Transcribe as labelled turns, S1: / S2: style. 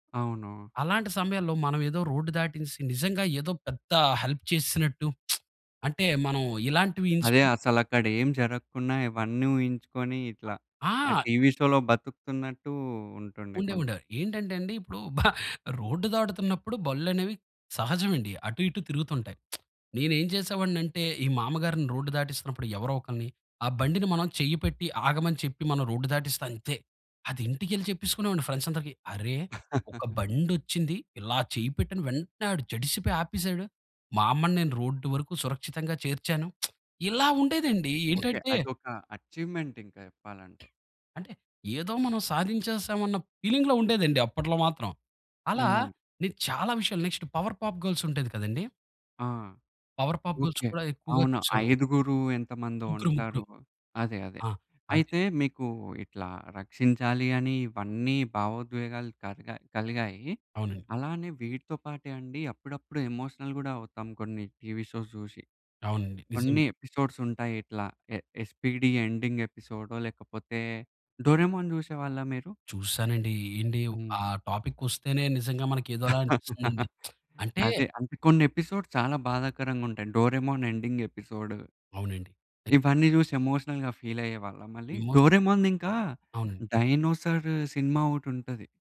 S1: అవును.
S2: అలాంటి సమయంలో మనం ఏదో రోడ్ దాటించిచేసి, నిజంగా ఏదో పెద్ద హెల్ప్ చేసినట్టు అంటే మనం ఇలాంటివి
S1: అదే.
S2: ఇన్స్పి
S1: అసలక్కడ ఏం జరగకుండా ఇవన్నీ ఊహించుకొని ఇట్లా
S2: అ
S1: ఆ
S2: ఆ!
S1: టీవీ షోలో బతుకుతున్నట్టు ఉంటుండే
S2: ఉండే,
S1: కొంచెం.
S2: ఉండే. ఏంటంటే అండి ఇప్పుడు, భ రోడ్డు దాటుతున్నప్పుడు బండ్లనేవి సహజం అండి. అటు, ఇటు తిరుగుతుంటాయి. నేనేం చేసేవాడిని అంటే ఈ మామగారిని రోడ్డు దాటిస్తున్నప్పుడు ఎవరో ఒకరిని, ఆ బండిని మనం చెయ్యి పెట్టి ఆగమని చెప్పి మనం రోడ్డు దాటిస్తే అంతే. అది ఇంటికెళ్లి చెప్పికునేవాడిని ఫ్రెండ్స్ అందరికి. అరె! ఒక బండొచ్చింది. ఇలా చెయ్యి పెట్టిన వెంటనే ఆడు జడిసిపోయి ఆపేసాడు. మా అమ్మని నేను రోడ్డు వరకు సురక్షితంగా చేర్చాను. ఇలా ఉండేదండి.
S1: ఓకే.
S2: ఏంటంటే
S1: అదొక అచీవ్‌మెంట్ ఇంక చెప్పాలంటే.
S2: అంటే ఏదో మనం సాధించేసాం అన్న ఫీలింగ్‌లో ఉండేదండి అప్పట్లో మాత్రం. అలా
S1: హ్మ్.
S2: నేను చాలా విషయాలు నెక్స్ట్ 'పవర్ పాప్ గర్ల్స్' ఉండేది కదండీ.
S1: ఆ!
S2: 'Power puff girls'
S1: okay.
S2: కూడా ఎక్కువగా
S1: అవును.
S2: చూసేవాళ్ళమండి.
S1: ఐదుగురు ఎంతమందో
S2: ముగ్గురు, ముగ్గురు.
S1: ఉంటారు. అదే. అదే.
S2: ఆ! అది.
S1: అయితే మీకు ఇట్లా రక్షించాలి అని ఇవన్నీ భావోద్వేగాలు కలిగా కలిగాయి.
S2: అవునండి.
S1: అలానే వీటితో పాటే అండి, అప్పుడప్పుడు ఎమోషనల్ కూడా అవుతాం కొన్ని టీవీ షోస్ చూసి.
S2: అవునండి.
S1: కొన్ని
S2: నిజంగా.
S1: ఎపిసోడ్స్ ఉంటాయి ఇట్లా. ఎ 'ఎస్పీడీ' ఎండింగ్ ఎపిసోడో, లేకపోతే 'డోరేమోన్' చూసేవాళ్ళా మీరు?
S2: చూసానండి. ఏంటి ఆ
S1: హ్మ్.
S2: టాపికొస్తేనే నిజంగా మనకు ఏదోలా అనిపిస్తుందండి. అంటే
S1: అదే. అంటే కొన్ని ఎపిసోడ్స్ చాలా బాధాకరంగా ఉంటాయి. 'Doraemon' ending episode.
S2: అవునండి. నిజమే.
S1: ఇవన్నీ చూసి ఎమోషనల్‌గా ఫీల్ అయ్యేవాళ్లా మళ్ళీ.
S2: ఎమోషన్
S1: 'డోరేమోన్‌ది' ఇంకా
S2: అవునండి.
S1: డైనోసార్ సినిమా ఒకటి ఉంటది.